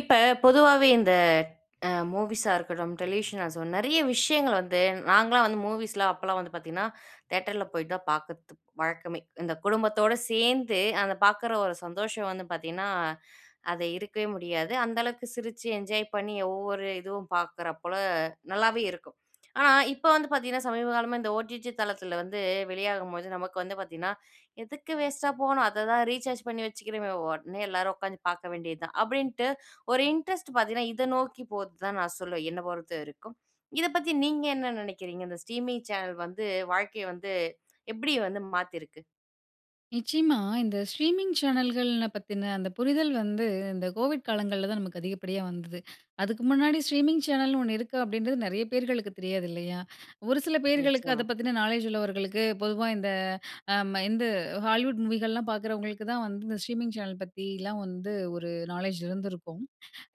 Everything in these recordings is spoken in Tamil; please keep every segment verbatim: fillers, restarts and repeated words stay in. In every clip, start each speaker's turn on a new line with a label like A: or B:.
A: இப்ப, பொதுவாவே இந்த அ மூவிஸா இருக்கட்டும், டெலிவிஷன் ஆ சோ நெறைய விஷயங்கள் வந்து நாங்கலாம் வந்து மூவிஸ்லா அப்போலாம் வந்து பார்த்தீங்கன்னா, தியேட்டர்ல போய் தான் பார்க்கது வழக்கமே. இந்த குடும்பத்தோட சேர்ந்து, அந்த பார்க்குற ஒரு சந்தோஷம் வந்து பார்த்தீங்கன்னா, அது இருக்கவே முடியாது. அந்த அளவுக்கு சிரிச்சு என்ஜாய் பண்ணி ஒவ்வொரு இதுவும் பார்க்குற போல நல்லாவே இருக்கும். ஆனா இப்ப வந்து பார்த்தீங்கன்னா, சமீபகாலமா இந்த ஓடிஜி தளத்துல வந்து வெளியாகும்போது நமக்கு வந்து பார்த்தீங்கன்னா, "எதுக்கு வேஸ்ட்டா போணும், அத தான் ரீசார்ஜ் பண்ணி வச்சிக்கிறமே, உடனே எல்லாரும் உட்காந்து பார்க்க வேண்டியது தான்." அப்படின்ட்டு ஒரு இன்ட்ரெஸ்ட் பார்த்தீங்கன்னா, இத நோக்கி போது தான் நான் சொல்லுவேன், என்ன பொறுத்த வரைக்கும். இத பத்தி நீங்க என்ன நினைக்கிறீங்க? இந்த ஸ்ட்ரீமிங் சேனல் வந்து வாழ்க்கைய வந்து எப்படி வந்து மாத்திருக்கு?
B: நிச்சயமா, இந்த ஸ்ட்ரீமிங் சேனல்கள் பத்தின அந்த புரிதல் வந்து அந்த கோவிட் காலங்கள்ல தான் நமக்கு அதிகப்படியா வந்தது. அதுக்கு முன்னாடி ஸ்ட்ரீமிங் சேனல்னு ஒண்ணு இருக்கா, அப்படின்றது நெறைய பேர்களுக்கு தெரியாது இல்லையா? ஒரு சில பேர்களுக்கு அத
A: நிச்சயமா.
B: பத்தின நாலேஜ் உள்ளவர்களுக்கு பொதுவா இந்த அ ம இந்து ஹாலிவுட் மூவிகள்லாம் பார்க்குறவங்களுக்கு தான் வந்து இந்த ஸ்ட்ரீமிங் சேனல் பத்திலாம் வந்து ஒரு நாலேஜ் இருந்திருக்கும்.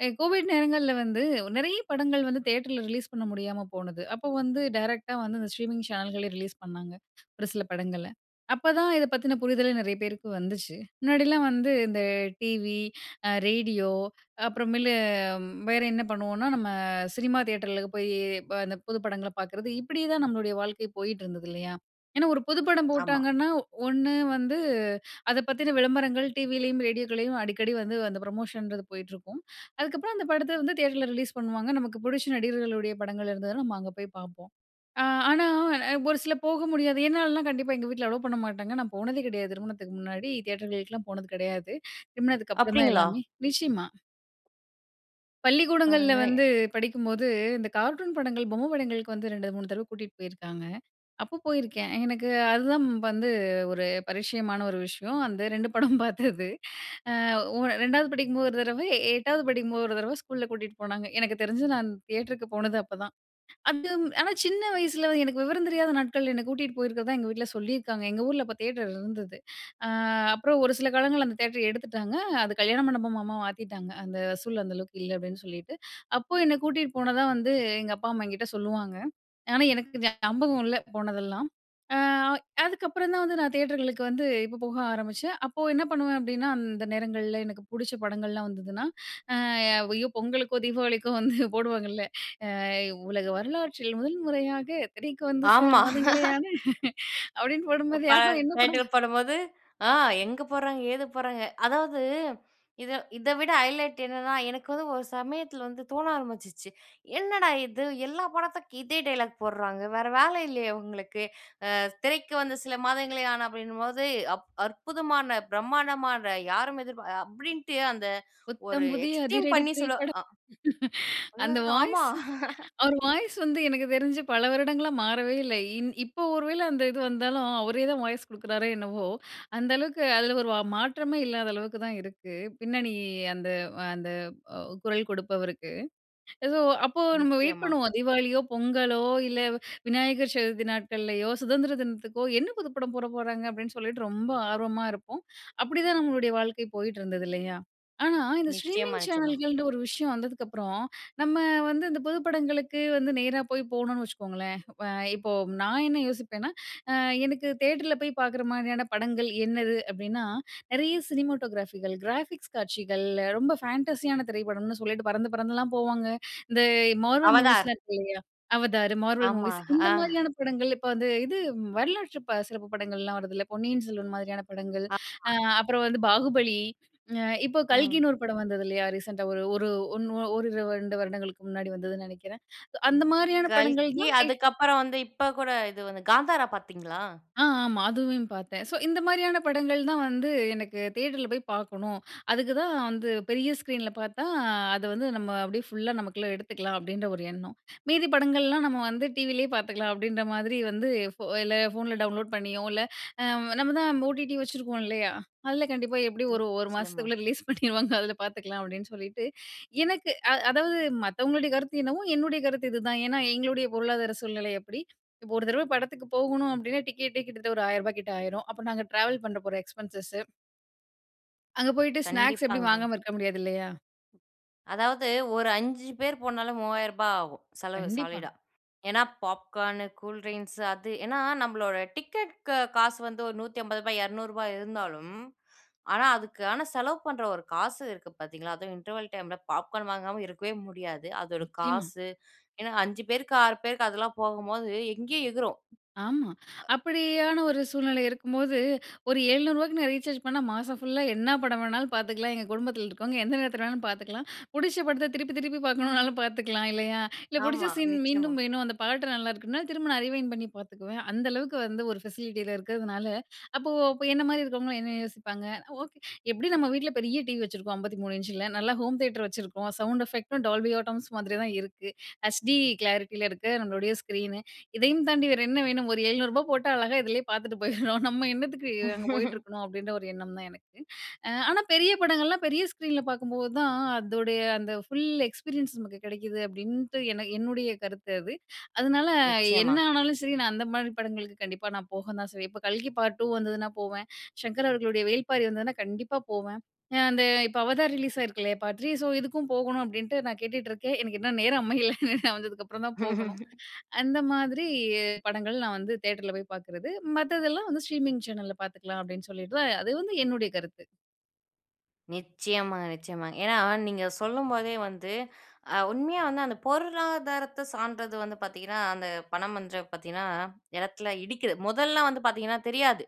B: எ கோவிட் நேரங்கள்ல வந்து நெறைய படங்கள் வந்து, தியேட்டரில ரிலீஸ் பண்ண முடியாம போனது. அப்போ வந்து டைரக்ட்டா வந்து இந்த ஸ்ட்ரீமிங் சேனல்களே ரிலீஸ் பண்ணாங்க, ஒரு சில படங்கள. அப்பதான் இத பத்தின புரிதலே நெறைய பேருக்கு வந்துச்சு. முன்னாடிலாம் வந்து இந்த டிவி, அ ரேடியோ அப்புறமேலு வேற என்ன பண்ணுவோனா நம்ம சினிமா தியேட்டர்ல போய் இந்த புது படங்கள பார்க்கறது. இப்படியே தான் நம்மளுடைய வாழ்க்கை போயிட்டுருந்தது இல்லையா? ஏன்னா, ஒரு புது படம்
A: ஆமா.
B: போட்டாங்கன்னா ஒண்ணு வந்து அத பத்தின விளம்பரங்கள் டிவிலேயும், ரேடியோக்களையும் அடிக்கடி வந்து அந்த ப்ரமோஷன்றது போயிட்டுருக்கும். அதுக்கப்புறம், அந்த படத்த வந்து தியேட்டர்ல ரிலீஸ் பண்ணுவாங்க. நமக்கு புடிச்ச நடிகர்களுடைய படங்கள் இருந்ததுன்னா, நம்ம அங்க போய் பார்ப்போம். ஆ ஆனா ஒரு சில போக முடியாது, என்னாலலாம் கண்டிப்பா எங்க வீட்ல அலோ பண்ண மாட்டாங்க. நான் போனதே கிடையாது திருமணத்துக்கு முன்னாடி, தியேட்டர்களுக்கெலாம் போனது கிடையாது. திருமணத்துக்கு அப்புறம் தான்
A: அப்படிங்களா?
B: எல்லாமே நிச்சயமா. பள்ளிக்கூடங்கள்ல
A: பாருங்களே!
B: வந்து படிக்கும்போது இந்த கார்ட்டூன் படங்கள், பொம்மை படங்களுக்கு வந்து ரெண்டு, மூணு தடவ கூட்டிட்டு போயிருக்காங்க. அப்போ போயிருக்கேன். எனக்கு அது தான் வந்து ஒரு பரிட்சயமான ஒரு விஷயம். அந்த ரெண்டு படம் பார்த்தது. அ உ ரெண்டாவது படிக்கும்போது ஒரு தடவ, எட்டாவத படிக்கும்போது ஒரு தடவ ஸ்கூல்ல கூட்டிட்டு போனாங்க. எனக்கு தெரிஞ்சு நான் தியேட்டருக்கு போனது அப்பதான். அதும் ஆனா சின்ன வயசில எனக்கு விவரம் தெரியாத நாட்கள் என்ன கூட்டிட்டு போயிருக்கிறதா எங்க வீட்ல சொல்லியிருக்காங்க. எங்க ஊர்ல அப்ப தியேட்டர் இருந்தது. அ அப்புறம் ஒரு சில காலங்கள்ல அந்த தியேட்ர எடுத்துட்டாங்க. அது கல்யாணம் மண்டபபமா மாத்திட்டாங்க. அந்த வசூல் அந்த அளவுக்கு இல்ல அப்டீன்னு சொல்லிட்டு. அப்போ என்ன கூட்டீட்டு போனதா வந்து எங்க அப்பா, அம்மா என்கிட்ட சொல்லுவாங்க. ஆனா, எனக்கு ஞாபகம் இல்ல போனதெல்லாம். அ அதுக்கப்புறம் தான் வந்து நான் தியேட்டர்களுக்கு வந்து, இப்போ போக ஆரம்பிச்சேன். அப்போ என்ன பண்ணுவேன் அப்டீன்னா, அந்த நேரங்கள்ல எனக்கு பிடிச்ச படங்கள்லாம் வந்ததுனா, அ ஐயோ! பொங்கலுக்கோ, தீபாவளிக்கோ வந்து போடுவாங்கல்ல. அ "உலக வரலாற்றில் முதல் முறையாக திரைக்கு வந்து சில
A: ஆமா.
B: மாதங்களேயான" அப்டீன்னு போடும்போது
A: ப
B: ஆஹா! என்ன படம்?
A: டைட்டில் போடும்போது, ஆ எங்க போட்றாங்க, ஏது போட்றாங்க. அதாவது இத இத விட ஹைலைட் என்னன்னா, எனக்கு வந்து ஒரு சமயத்தில வந்து தோண ஆரம்பிச்சிச்சு. என்னடா! இது எல்லா படத்துக்கு இதே டயலாக் போட்றாங்க. வேற வேல இல்லயா இவங்களுக்கு? அ திரைக்கு வந்த சில மாதங்களே ஆன அப்பிடின்னும்போது அப் அற்புதமான, பிரமாண்டமான, யாரும் எதிர்பா அப்பிடின்ட்டு அந்த ஒரு
B: புத்தம் புதிய
A: எக்ஸ்ட்ரீம்
B: அதிரடி
A: பண்ணி சொல்லு
B: திரைப்படம்.
A: அ
B: அந்த
A: [unintelligible] ஆமா.
B: வாய்ஸ்சு அவரு வாய்ஸ்சு வந்து எனக்கு தெரிஞ்சு பல வருடங்களா மாறவே இல்ல. இ இப்ப ஒரு வேள அந்த இது வந்தாலும், அவரே தான் வாய்ஸ் கொடுக்கிறாரே என்னவோ? அந்த அளவுக்கு அதில ஒரு மாற்றமே இல்லாத அளவுக்கு தான் இருக்கு. பின்னணி அந்த அ அந்த அ குரல் கொடுப்பவருக்கு. ஏதோ அப்போ நம்ம வெயிட்
A: நிச்சயமா.
B: பண்ணுவோம். தீபாவளியோ, பொங்கலோ, இல்ல விநாயகர் சதுர்த்தி நாட்கள்ளையோ, சுதந்திர தினத்துக்கோ என்ன புது படம் போட போறாங்க? அப்டீன்னு சொல்லிட்டு, ரொம்ப ஆர்வமா இருப்போம். அப்பிடி தான் நம்மளுடைய வாழ்க்கை போயிட்டு இருந்தது இல்லயா? ஆனா, இந்த
A: நிச்சயமா,
B: ஸ்ட்ரீமிங்
A: நிச்சயமா.
B: சேனல்கள்ன்டு ஒரு விஷயம் வந்ததுக்கு அப்புறம், நம்ம வந்து இந்த புது படங்களுக்கு வந்து நேரா போய் போணுன்ன வச்சுக்கோங்களேன், இப்ப இப்போ நான் என்ன யோசிப்பேன்னா, அ எனக்கு தியேட்டர்ல போய் பார்க்குற மாதிரியான படங்கள் என்னது அப்டீன்னா, நிறைய சினிமாட்டோகிராஃபிகள், கிராபிக்ஸ் காட்சிகள் ரொம்ப ஃபேண்டஸியான திரைப்படம்னு சொல்லிட்டு பறந்து பறந்துலாம் போவாங்க. இந்த மார்வல்
A: அவதார்.
B: மூவிஸ்லாம் இருக்கு இல்லயா? அவதார், மார்வெல்
A: ஆமா,
B: மூவிஸ் இந்த
A: ஆ.
B: மாதிரியான படங்கள், இப்ப அந்த இது வரலாற்று சிறப்பு படங்கள்லாம் வருதுல்ல. பொன்னியின் செல்வன் மாதிரியான படங்கள்.
A: ஆமா.
B: அ அப்புறம் வந்து பாகுபலி. அ இப்போ
A: ம்.
B: கல்கின்னு ஒரு படம் வந்தது இல்லயா? ரீசெண்டா ஒரு ஒண்ணு ஒரிரு வரு ரெண்டு வருடங்களுக்கு முன்னாடி வந்ததுன்னு நினைக்கிறேன். அந்த மாதிரியான படங்கள்
A: கல்கி
B: தான் தியே
A: அதுக்கப்புறம் வந்து இப்போ கூட இது வந்து காந்தாரா பார்த்தீங்களா?
B: ஆ, ஆமா. அதுவையும் பார்த்தேன். ஸோ, இந்த மாரியான படங்கள் தான் வந்து எனக்கு தியேட்டர்ல போய் பார்க்கணும். அதுக்கு தான் வந்து பெரிய ஸ்க்ரீன்ல பார்த்தா, அத வந்து நம்ம அப்டீயே ஃபுல்லா நமக்குள்ள எடுத்துக்கலாம் அப்பிடின்ற ஒரு எண்ணம். மீதி படங்கள்லாம் நம்ம வந்து டிவிலே பார்த்துக்கலாம் அப்டின்ற மாதிரி வந்து, ஃபோ இல்ல ஃபோன்ல டவுன்லோட் பண்ணியோ, இல்ல அ நம்ம தான் ஓடிடி வச்சுருக்கோம் இல்லயா? அதில கண்டிப்பா எப்டியும் ஒரு ஒரு
A: நிச்சயமா.
B: மாசத்துக்குள்ளே ரிலீஸ் பண்ணிருவாங்க. அதில பார்த்துக்கலாம் அப்டின்னு சொல்லிட்டு. எனக்கு அ அதாவது மத்தவங்களுடைய கருத்து என்னவோ, என்னுடைய கருத்து இதுதான். ஏன்னா, எங்களுடைய பொருளாதார சூழ்நிலை அப்பிடி. இப்ப ஒரு தடவ படத்துக்கு போகணும் அப்டின்னா, டிக்கெட்டே கிட்டத்தட்ட ஒரு ஆயிரம் ரூபா கிட்ட ஆயிரும். அப்புறம் நாங்க ட்ராவல் பண்ண போற எக்ஸ்பென்சஸ்ஸூ. அங்க போயிட்டு ஸ்நாக்ஸ் எப்புடியும்
A: கண்டிப்பாங்க.
B: வாங்காம இருக்க முடியாது இல்லையா?
A: அதாவது, ஒரு அஞ்சு பேர் போனாலும் மூவாயிரரூபா ஆகும் செலவு
B: கண்டிப்பா.
A: சாலிடா. ஏன்னா, பாப்கார்னு, கூல்ட்ரிங்க்ஸு அது ஏன்னா நம்மளோட டிக்கெட்க்கு காசு வந்து ஒரு நூத்தி ஐம்பது ரூபா, இருநூறு ரூபா இருந்தாலும், ஆனா அதுக்கானா செலவு பண்ற ஒரு காசு இருக்கு பாத்தீங்களா? அதுவும் இன்டர்வல் டைம்ல பாப்கார்ன் வாங்காம இருக்கவே முடியாது. அதோட
B: நிச்சயமா.
A: காசு. ஏன்னா, அஞ்சு பேருக்கு, ஆறு பேருக்கு அதெல்லாம் போகும்போது எங்கேயோ எகுரும்.
B: ஆமா.
A: அ
B: அப்படியான ஒரு சூழ்நிலை இருக்கும்போது ஒரு எழுநூறு ரூபாய்க்கு நான் ரீசார்ஜ் பண்ணா மாசம் ஃபுல்லா என்ன படம் வேணாலும் பாத்துக்கலாம். எங்க குடும்பத்தில இருக்குறவுங்க எந்த நேரத்துல வேணாலும் பாத்துக்கலாம். புடிச்ச படத்த திருப்பி திருப்பி பாக்கணும்னாலும் பாத்துக்கலாம். இல்லையா? இல்லை, புடிச்ச
A: ஆமா.
B: சீன்
A: நிச்சயமா.
B: மீண்டும் வேணும். அந்த பாட்டு நல்லா இருக்குனா திரும்ப நான் ரீவைன்டு பண்ணி பாத்துக்குவேன். அந்த அளவுக்கு வந்து ஒரு ஃபெசிலிட்டி இத இருக்குறதுனால, அப்போ அப்ப என்ன மாரி இருக்குறவங்கல்லாம் என்ன யோசிப்பாங்க? "ஓ! எப்படி நம்ம வீட்ல பெரிய டீவி வச்சுருக்கோம். ஐம்பத்தி மூணு இன்ச்ல, நல்லா ஹோம் தியேட்டர் வச்சுருக்கோம். சவுண்ட் எஃபெக்ட்டும் டால்பி ஆட்டம்ஸ் மாதிரி தான் இருக்கு. ஹச்டி கிளாரிட்டில இருக்கு நம்மளோட ஸ்க்ரீனு. இதயும் தாண்டி வேறு என்ன வேணும்? ஒரு எழுநூறுபா போட்டா அழகா இதுலயே பாத்துட்டு போயிறோம். நம்ம என்னத்துக்கு அங்க போயிட்டுருக்கணும்" அப்டீன்ற ஒரு எண்ணம் தான் எனக்கு. அ, ஆனா பெரிய படங்கள்லாம் பெரிய ஸ்க்ரீன்ல பாக்கும் போது தான் அதோடைய அந்த ஃபுல் எக்ஸ்பீரியன்ஸ் நமக்கு கிடைக்குது அப்டீன்ட்டு எனக்கு என்னுடைய கருத்து அது. அதனால, என்ன
A: நிச்சயமா.
B: ஆனாலும் சரி நான் அந்த மாரி படங்களுக்கு கண்டிப்பா நான் போக தான் செய்வேன். இப்போ கல்கி பார்ட் டூ வந்ததுன்னா போவேன். சங்கர் அவர்களுடைய வேள்பாரி வந்ததுன்னா கண்டிப்பா போவேன். அ அந்த, இப்போ அவதார் ரிலீஸ் ஆயிருக்குல்லையா பார்ட் திரி ,ஸோ இதுக்கும் போகணும் அப்டீன்ட்டு நான் கேட்டுட்ருக்கேன். எனக்கு இன்னும் நேரம் அமையல. வந்ததுக்கப்பறம் தான் போகணும். அந்த மாதிரி படங்கள் நான் வந்து தியேட்டர்ல போய் பாக்குறது. மத்ததெல்லாம் வந்து, ஸ்ட்ரீமிங் சேனல்ல பாத்துக்கலாம் அப்டீன்னு சொல்லிட்டு தான் அது வந்து என்னுடைய கருத்து.
A: நிச்சயமாங்க, நிச்சயமா. ஏன்னா நீங்க சொல்லும்போதே வந்து அ உண்மையா வந்து அந்த பொருளாதாரத்தை சார்ந்தது வந்து பாத்தீங்கன்னா, அந்த படம்ன்றத பாத்தீங்கன்னா இடத்தில இடிக்குது. முதல்லலாம் வந்து பாத்தீங்கன்னா தெரியாது.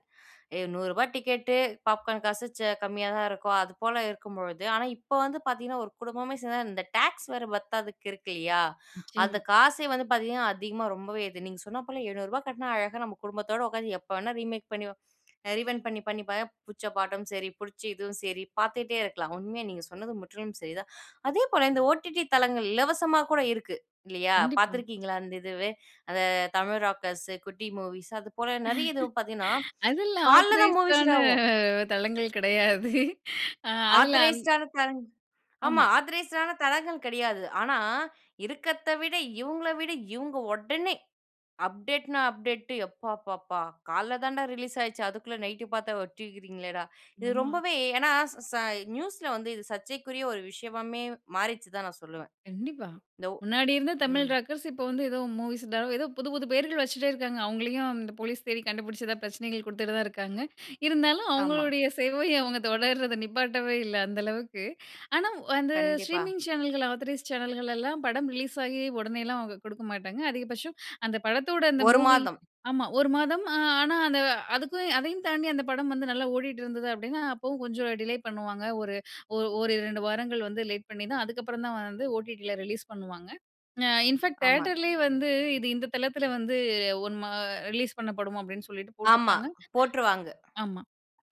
A: அ நூறு ரூபா டிக்கெட்டு, பாப்கார்ன் காசு ச கம்மியா தான் இருக்கும். அதுபோல இருக்கும்பொழுது, ஆனா, இப்போ வந்து பாத்தீங்கன்னா, ஒரு குடும்பமே சேந்தா, இந்த டாக்ஸ் வேற பத்தாதுக்கு இருக்கு இல்லையா? அந்த
B: நிச்சயமா.
A: காசே வந்து பாத்தீங்கன்னா, அதிகமா ரொம்பவே இது. நீங்க சொன்னா போல எழுநூறு ரூபா கட்னா, அழகா நம்ம குடும்பத்தோட உக்காந்தி, எப்போ வேணா ரீமேக் பண்ணி, அ ரீவைண்ட் பண்ணி, பண்ணி, இப்ப புடிச்ச பாட்டும் சரி, புடிச்ச இதுவும் சரி பாத்துட்டே இருக்கலாம். உண்மையா நீங்க சொன்னது முற்றிலும் சரிதான். அதேபோல இந்த ஓடிடி தளங்கள் இலவசமா கூட இருக்கு இல்லையா?
B: கண்டிப்பா.
A: பாத்துருக்கீங்களா அந்த இதுவே? அந்த தமிழ் ராக்கர்ஸ்ஸு, குட்டி மூவிஸ் அது போல நிறைய இதுவும் பாத்தீங்கன்னா,
B: அதெல்லாம்
A: காலைல தான் மூவிஸ்
B: ஆத்தரைஸ்டான
A: இதாகும்.
B: தளங்கள் கிடையாது. அ அதில அந்
A: ஆத்தரைஸ்டு ஆன தளங் ஆமா
B: ஆமா.
A: ஆத்தரைஸ்டு ஆன தளங்கள் கிடையாது. ஆனா இருக்கிறத்த விட, இவுங்கள விட, இவுங்க உடனே அப்டேட்ன்னா, அப்டேட்டு எப்பாப்பாப்பா! காலைல்ல தான் டா ரிலீஸ் ஆச்சு. அதுக்குள்ள நைட்டு பாத்தா வச்சிருக்கிறீங்களே டா. இது
B: ஆமா.
A: ரொம்பவே, ஏன்னா ஸ ச நியூஸ்ல வந்து இது சர்ச்சைக்குரிய ஒரு விஷயமாமே மாறிடுச்சுன்னு தான் நான் சொல்லுவேன்.
B: கண்டிப்பா.
A: இந்த ஓ
B: முன்னாடி இருந்த தமிழ்
A: ம்.
B: ராக்கர்ஸ் இப்போ வந்து ஏதோ, மூவிஸ் தோ, ஏதோ புது புது பெயர்கள் வச்சுட்டே இருக்காங்க. அவுங்களயும் அந்த போலீஸ் தேடி கண்டுபிடிச்சதா, பிரச்சனைகள் குடுத்துட்டே தான் இருக்காங்க. இருந்தாலும்
A: ஆமா.
B: அவுங்களுடைய சேவை, அவுங்க தொடர்றத நிப்பாட்டவே இல்லை அந்த அளவுக்கு. ஆனா அந்த
A: கண்டிப்பா.
B: ஸ்ட்ரீமிங் சேனல்கள், ஆதாரைஸ்ட் சேனல்கள் எல்லாம் படம் ரிலீஸ் ஆகி உடனே எல்லாம் அவுங்க குடுக்க மாட்டாங்க. அதிகபட்சம் அந்த படத்தோட இந்த
A: ஒரு
B: மூவி
A: மாதம்.
B: ஆமா ஒரு மாதம் ஆனா அந்த அதுக்கும், அதையும் தாண்டி அந்த படம் வந்து நல்லா ஓடிட்டிருந்தது அப்டின்னா, அப்பவும் கொஞ்சம் டிலே பண்ணுவாங்க. ஒரு ஓ ஓரிரண்டு வாரங்கள் வந்து, லேட் பண்ணி தான், அதுக்கப்பறம் தான் வந்து ஓடிடில ரிலீஸ் பண்ணுவாங்க. அ இன்ஃபாக்ட்
A: ஆமா.
B: தியேட்டர்லயே வந்து, இது இந்த தளத்தில வந்து, ஒன் மா ரிலீஸ் பண்ணப்படும் அப்டின்னு சொல்லிட்டு
A: ஆமா,
B: போட்ருப்பாங்க.
A: போட்ருவாங்க.
B: ஆமா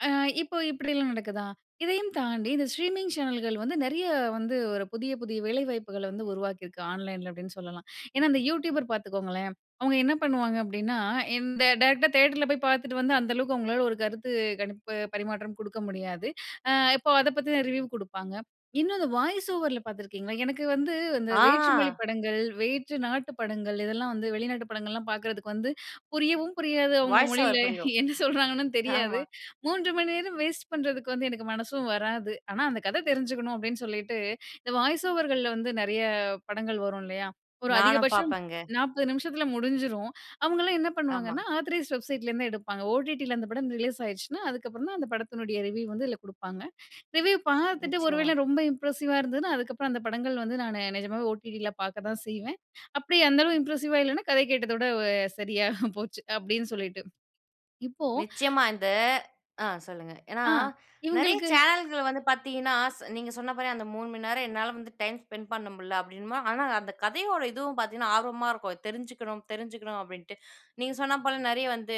B: அ இப்போ இப்படிலாம் நடக்குதா, இதையும் தாண்டி இந்த ஸ்ட்ரீமிங் சேனல்கள் வந்து, நிறைய வந்து ஒரு புதிய புதிய வேலை வாய்ப்புகள வந்து உருவாக்கியிருக்கு. ஆன்லைன்ல அப்டின்னு சொல்லலாம். ஏன்னா இந்த யூடியூபர் பாத்துக்கோங்களேன், அவுங்க என்ன பண்ணுவாங்க அப்டின்னா, இந்த டைரக்ட்டா தியேட்டர்ல போய் பாத்துட்டு வந்து, அந்த அளவுக்கு அவுங்களால ஒரு கருத்து கணிப்பு பரிமாற்றம் குடுக்க முடியாது. அ இப்போ அதை பத்தின ரிவ்யூ குடுப்பாங்க. இன்னு அத வாய்ஸ் ஓவர்ல பாத்துருக்கீங்களா? எனக்கு வந்து அந்த வேற்று மொழி
A: ஆ.
B: படங்கள், வேற்று நாட்டு படங்கள் இதெல்லாம் வந்து, வெளிநாட்டு படங்கள்லாம் பாக்கறதுக்கு வந்து புரியவும் புரியாது அவுங்க
A: வாய்ஸ்
B: மொழியில,
A: ஓவர் புரியும்.
B: என்ன சொல்றாங்கன்னு தெரியாது.
A: ஆமா.
B: மூன்று மணி நேரம் வேஸ்ட் பண்றதுக்கு வந்து எனக்கு மனசும் வராது. ஆனா அந்த கதை தெரிஞ்சுக்கணும் அப்டின்னு சொல்லிட்டு, இந்த வாய்ஸ் ஓவர்கள்ள வந்து நிறைய படங்கள் வரும் இல்லையா? ஒரு
A: நானும்
B: அதிகபட்சம்
A: பாப்பேங்க.
B: நாப்பது நிமிஷத்துல முடிஞ்சிரும். அவுங்களலாம் என்ன
A: ஆமா.
B: பண்ணுவாங்கன்னா, ஆத்தரைஸ்ட் வெப்சைட்லேருந்து எடுப்பாங்க. ஓடிட்டில அந்த படம் ரிலீஸ் ஆயிருச்சுனா, அதுக்கப்புறம் தான் அந்த படத்தினுடைய ரிவ்யூ வந்து இதுல கொடுப்பாங்க. ரிவ்யூ பார்த்துட்டு ஒரு
A: நிச்சயமா.
B: வேளை ரொம்ப இம்ப்ரஸிவ்வா இருந்ததுனா, அதுக்கப்புறம் அந்த படங்கள் வந்து, நானு நிஜமாவே ஓடிடில பாக்க தான் செய்வேன். அப்டி அந்த அளவு இம்ப்ரஸ்ஸிவ்வா இல்லன்னா, கதை கேட்டத விட சரியா போச்சு. அப்டின்னு சொல்லிட்டு இப்போ
A: நிச்சயமா இந்த ஆ சொல்லுங்க. ஏன்னா
B: ஆ
A: நிறைய
B: இவங்களுக்கு.
A: சேனல்களை வந்து பாத்தீங்கன்னா ஸ் நீங்க சொன்னா போல அந்த மூணு மணி நேரம் என்னால வந்து டைம் ஸ்பெண்ட் பண்ண முடில. அப்டின்னம்போ, ஆனா அந்த கதையோட இதுவும் பாத்தீங்கன்னா, ஆர்வமா இருக்கும். தெரிஞ்சிக்கணும், தெரிஞ்சுக்கணும் அப்டின்ட்டு. நீங்க சொன்னா போல நிறைய வந்து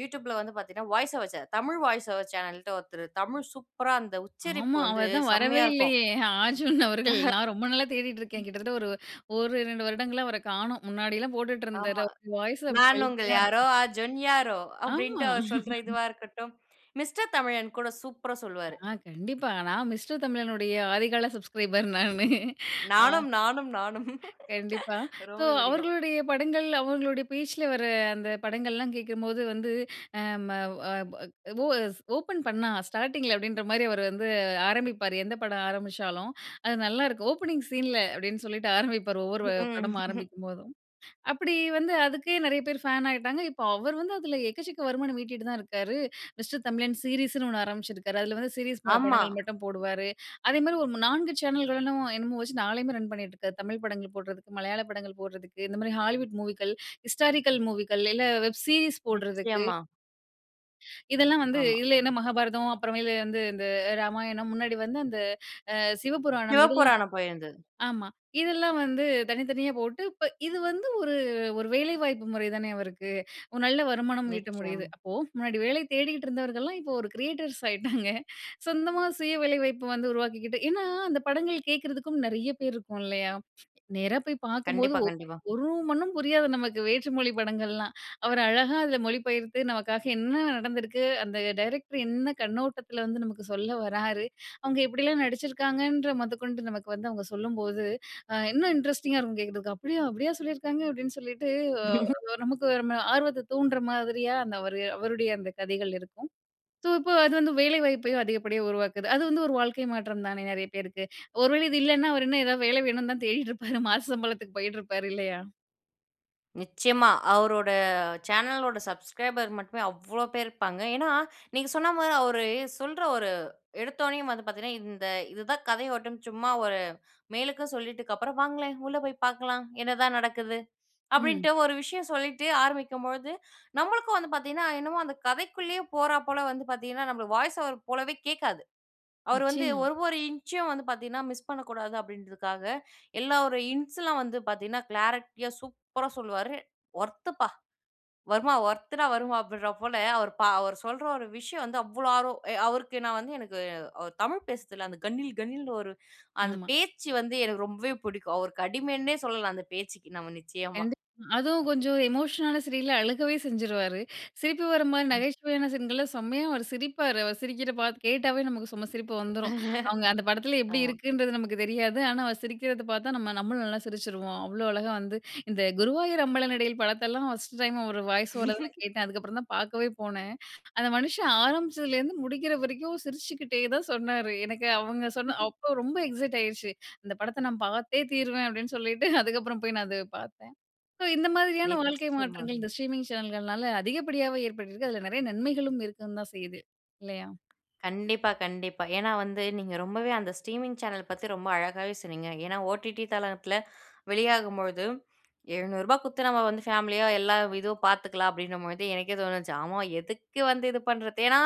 A: யூடியூபுல வந்து பாத்தீங்கன்னா, voice over channel, Tamil voice over சேனல்ன்ட்டு ஒருத்தரு, தமிழ் சூப்பரா அந்த
B: ஆமா.
A: உச்சரிப்பு வந்து
B: அவர் தான் வரவே
A: செம்மையா இருக்கும்.
B: இல்லையே! அர்ஜுன் அவர்கள். நான் ரொம்ப நாளா தேடிக்ருக்கேன்.
A: ம்.
B: கிட்டத்தட்ட ஒரு ஓரிரண்டு வருடங்களா, அவர காணோம். முன்னாடி எல்லாம் போட்டுட்டு இருந்தாரு.
A: ஆமா.
B: அவரு வாய்ஸ் அப்டியே
A: "நான் உங்கள்
B: வெல்தியா
A: யாரோ,
B: இருக்கும்.
A: அஜன் யாரோ." அப்டின்ட்டு
B: ஆமா.
A: அவர் சொல்ற இதுவா இருக்கட்டும். மிஸ்டர் தமிழன் கூட சூப்பரா சொல்லுவாரு.
B: ஆ கண்டிப்பா நான் மிஸ்டர் தமிழனுடைய, ஆதிகால சப்ஸ்கிரைபர் நானு. அ.
A: நானும் நானும் நானும்.
B: கண்டிப்பா, ஸோ
A: ரொம்பவே பிடிக்கும்.
B: அவர்களுடைய படங்கள், அவங்களுடைய பேச்சில வர அந்த படங்கள்லாம் கேக்கும்போது வந்து, அ ம ஓ அ பொ ஓ எஸ் "ஓப்பன் பண்ணா ஸ்டார்ட்டிங்கில" அப்டின்ற மாரி அவர் வந்து ஆரம்பிப்பாரு. எந்த படம் ஆரம்பிச்சாலும். அது நல்லாருக்கும். "ஓப்பனிங் சீன்ல" அப்டின்னு சொல்லிட்டு ஆரம்பிப்பாரு. ஒவ்வொரு
A: ம்
B: படம் ஆரம்பிக்கும்போதும். அப்டி வந்து அதுக்கே நிறைய பேர் ஃபேன் ஆயிட்டாங்க. இப்போ அவர் வந்து, அதில எக்கச்சக்க வருமானம் ஈட்டிட்டு தான் இருக்காரு. மிஸ்டர் தமிழன் சீரிஸுன்னு ஒண்ணு ஆரம்பிச்சுருக்கார். அதில வந்து சீரீஸ்
A: ஆமா.
B: படங்கள் மட்டும் போடுவாரு. அதேமாரி ஒரு நான்கு சேனல்களும் என்னன்னமோ வச்சு, நாளையுமே ரன் பண்ணிட்டிருக்கார். தமிழ் படங்கள் போடுறதுக்கு, மலையாள படங்கள் போடுறதுக்கு, இந்த மாரி ஹாலிவுட் மூவிக்கள், ஹிஸ்டாரிக்கல் மூவிக்கள். இல்லை வெப் சீரிஸ் போடுறதுக்கு
A: நிச்சயமா.
B: இதெல்லாம் வந்து
A: ஆமா.
B: இதுல என்ன மகாபாரதம், அப்புறமேல வந்து இந்த ராமாயணம், முன்னாடி வந்து அந்த அ, சிவபுராணம். இதெல்லாம்
A: சிவபுராணம் போயிருந்தது.
B: ஆமா. இதெல்லாம் வந்து, தனித்தனியா போட்டு இப்ப இது வந்து ஒரு ஒரு வேலைவாய்ப்பு முறை தானே அவருக்கு? ஒரு நல்ல வருமானம் ஈட்ட முடியுது.
A: நிச்சயமா.
B: அப்போ, முன்னாடி வேலை தேடிக்கிட்டுருந்தவர்கள்லாம் இப்போ ஒரு "கிரியேட்டர்ஸ்" ஆயிட்டாங்க. சொந்தமா, சுய வேலை வாய்ப்பு வந்து உருவாக்கிக்கிட்டு. ஏன்னா, அந்த படங்கள் கேக்குறதுக்கும் நெறைய பேரு இருக்கோம், இல்லையா? நேரா போய் பாக்கும்போது
A: கண்டிப்பா,
B: ஒ
A: கண்டிப்பா.
B: ஒரு மண்ணும் புரியாது நமக்கு, வேற்று மொழி படங்கள்லாம். அவரு அழகா அதுல மொழிபெயர்த்து நமக்காக என்ன நடந்திருக்கு, அந்த டைரக்டரு என்ன கண்ணோட்டத்துல வந்து நமக்கு சொல்ல வராரு. அவுங்க எப்படியெல்லாம் நடிச்சிருக்காங்கன்ற மொதக்கொண்டு நமக்கு வந்து அவங்க சொல்லும்போது, அ இன்னும் இன்ட்ரெஸ்டிங்கா இருக்கும் கேக்குறதுக்கு. "அப்படியா? அப்படியா சொல்லிருக்காங்க?" அப்டீன்னு சொல்லிட்டு அ, நமக்கு நம்ம ஆர்வத்த தூண்டுற மாதிரியா, அந்த அவரு அவருடைய அந்த கதைகள் இருக்கும். சோ, இப்போ அது வந்து வேலை வாய்ப்பையும் அதிகப்படியா உருவாக்குது. அது வந்து ஒரு வாழ்க்கை மாற்றம் தானே, நெறைய பேருக்கு? ஒரு வேளை இது இல்லன்னா, அவர் இன்னும் ஏதாவது வேலை வேணும்னு தான் தேடிட்டு இருப்பாரு மாச சம்பளத்துக்கு போயிட்ருப்பாரு, இல்லையா?
A: நிச்சயமா. அவரோட சேனலோட "சப்ஸ்க்ரைபர்" மட்டுமே, அவ்ளோ பேரு இருப்பாங்க. ஏன்னா, நீங்க சொன்ன மாரி அவரு சொல்ற ஒரு எடுத்தோனேயும் வந்து பாத்தீங்கன்னா, இந்த இதுதான் கதை ஓட்டம்னு சும்மா ஒரு, மேலுக்கு சொல்லிட்க்கப்பறம், "வாங்களேன், உள்ள போய் பாக்கலாம், என்னதான் நடக்குது"
B: ம்.
A: அப்படீன்ட்டு ஒரு விஷயம் சொல்லிட்டு ஆரம்பிக்கும்பொழுது, நம்மளுக்கும் வந்து பாத்தீங்கன்னா என்னமோ, அந்த கதைக்குள்ளேயே போறா போல வந்து பாத்தீங்கன்னா, நம்மளுக்கு வாய்ஸ் ஓவர் போலவே கேக்காது. அவரு வந்து
B: நிச்சயமா.
A: ஒரு, ஒரு இன்ச்சும் வந்து பாத்தீங்கன்னா, மிஸ் பண்ணக்கூடாது அப்டீன்றதுக்காக, எல்லா ஒரு இன்ஸ்லாம் வந்து பாத்தீங்கன்னா, கிளாரட்டியா, சூப்பரா சொல்லுவாரு. "ஒர்த்துப்பா! வர்மா, ஒர்த்துடா வர்மா" அப்படீன்ற போல, அவரு பா அவரு சொல்ற ஒரு விஷயம் வந்து அவ்ளோ ஆர்வம், எ அவருக்கு நான் வந்து எனக்கு, அவரு தமிழ் பேசுறதுல அந்த கணீல் கணீல்ன்னு ஒரு, அந்த
B: ஆமா.
A: பேச்சு வந்து எனக்கு ரொம்பவே புடிக்கும். அவருக்கு அடிமைன்னே சொல்லலாம், அந்த பேச்சுக்கி நாம நிச்சயமா.
B: கண்டிப்பா. அதுவும் கொஞ்சம் எமோஷனலான சீரியல்ல, அழுகவே செஞ்சுருவாரு. சிரிப்பு வர மாரி
A: ம்.
B: நகைச்சுவையான சீன்கள்ல, செம்மையா அவரு சிரிப்பாரு. அவரு சிரிக்கிற பாத் கேட்டாவே நமக்கு செம சிரிப்பு வந்துரும். அவங்க அந்த படத்துல எப்படி
A: .ஆமா.
B: இருக்குன்றது நமக்கு தெரியாது. ஆனா, அவரு சிரிக்கிறத பாத்தா, நம்ம நம்மளும் நல்லா சிரிச்சிருவோம். அவ்வளோ அழகா வந்து இந்த "குருவாயூர் அம்பளனடையில்" படத்தெல்லாம், ஃபர்ஸ்டு டைம் அவரு வாய்ஸ் ஓவர்ல தான் நான் கேட்டேன். அதுக்கப்பறம் தான் பாக்கவே போனேன். அந்த மனுஷன் ஆரம்பிச்சதிலேருந்து முடிக்கிற வரைக்கும், சிரிச்சுக்குட்டே தான் சொன்னரு. எனக்கு அவங்க சொன்ன அப்போ ரொம்ப எக்ஸைட் ஆகிருச்சு. "இந்த படத்த நான் பாத்தே தீருவேன்" அப்படீன்னு சொல்லிட்டு, அதுக்கப்பறம் போய் நான் அத பாத்தேன். சோ இந்த மாதிரியான வாழ்க்கை
A: நிச்சயமா.
B: மாற்றங்கள், இந்த ஸ்ட்ரீமிங் சேனல்கள்னால அதிகப்படியாவே ஏற்பட்டிருக்கு. அதுல நெறைய நன்மைகளும் இருக்கவும் தான் செய்யுது. இல்லையா?
A: கண்டிப்பா, கண்டிப்பா. ஏன்னா வந்து, நீங்க ரொம்பவே அந்த ஸ்ட்ரீமிங் சேனல் பத்தி ரொம்ப அழகாவே சொன்னீங்க. ஏன்னா, ஓடிடி தளத்துல வெளியாகும்பொழுது, "எழுநூறுபா குடுத்து நம்ம வந்து, ஃபேமிலியா எல்லா இதுவும் பாத்துக்கலாம்" அப்படீன்னும்பொழுது எனக்கே தோணுச்சு, "ஆமா, எதுக்கு வந்து இத பண்ணுறது?" ஏன்னா,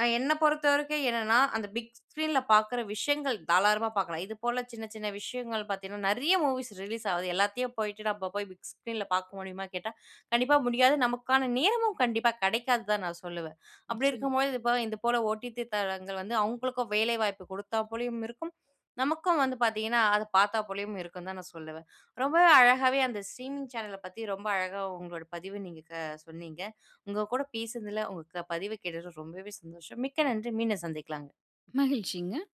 A: அ என்ன பொறுத்த வரைக்கும் என்னன்னா, அந்த பிக் ஸ்க்ரீன்ல பாக்குற விஷயங்கள் தாளாரமா பார்க்கலாம். இது போல சின்ன, சின்ன விஷயங்கள் பாத்தீங்கன்னா, நெறைய மூவிஸ் ரிலீஸ் ஆவுது. எல்லாத்தையும் போய்ட்டு நம்ம போய் பிக் ஸ்க்ரீன்ல பாக்க முடியுமான்னு கேட்டா, கண்டிப்பா முடியாது. நமக்கான நேரமும் கண்டிப்பா கெடைக்காது தான், நான் சொல்லுவேன். அப்படி
B: நிச்சயமா.
A: இருக்கும்பொழுது இப்போ, இதுபோல ஓடிதி தளங்கள் வந்து, அவங்களுக்கும் வேலை வாய்ப்பு குடுத்தா போலயும் இருக்கும். நமக்கும் வந்து பாத்தீங்கன்னா, அத பாத்தா போலயும் இருக்கும்ன்னு தான், நான் சொல்லுவேன். ரொம்பவே அழகாவே, அந்த ஸ்ட்ரீமிங் சேனல பத்தி ரொம்ப அழகா உங்களோட பதிவ நீங்க க சொன்னீங்க. உங்க கூட பேசுனதுல, உங்க க பதிவு கேட்டதுல ரொம்பவே சந்தோஷம். மிக்க நன்றி! மீண்டும் சந்திக்கலாங்க.
B: மகிழ்ச்சிங்க.